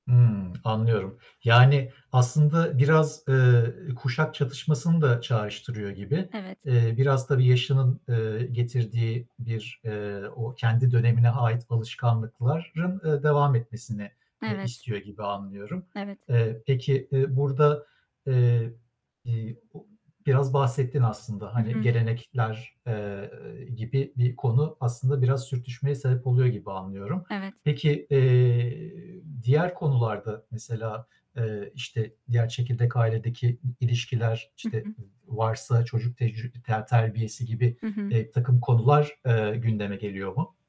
Hımm, anlıyorum. Yani, aslında biraz, eee, kuşak çatışmasını da çağrıştırıyor gibi. Evet. Eee, biraz tabii yaşının, eee, getirdiği bir, eee, o kendi dönemine ait alışkanlıkların, eee, devam etmesini, eee, Evet. istiyor gibi anlıyorum. Evet. Eee, peki, eee, burada, eee, i o biraz bahsettin aslında, Hı hani hı. gelenekler, eee, gibi bir konu aslında biraz sürtüşmeye sebep oluyor gibi anlıyorum. Evet. Peki, eee, diğer konularda, mesela, eee, işte, diğer çekirdek ailedeki i ilişkiler, Hı işte hı. v varsa çocuk tec ter terbiyesi gibi, Hı hı. eee, birtakım konular, eee, gündeme geliyor mu?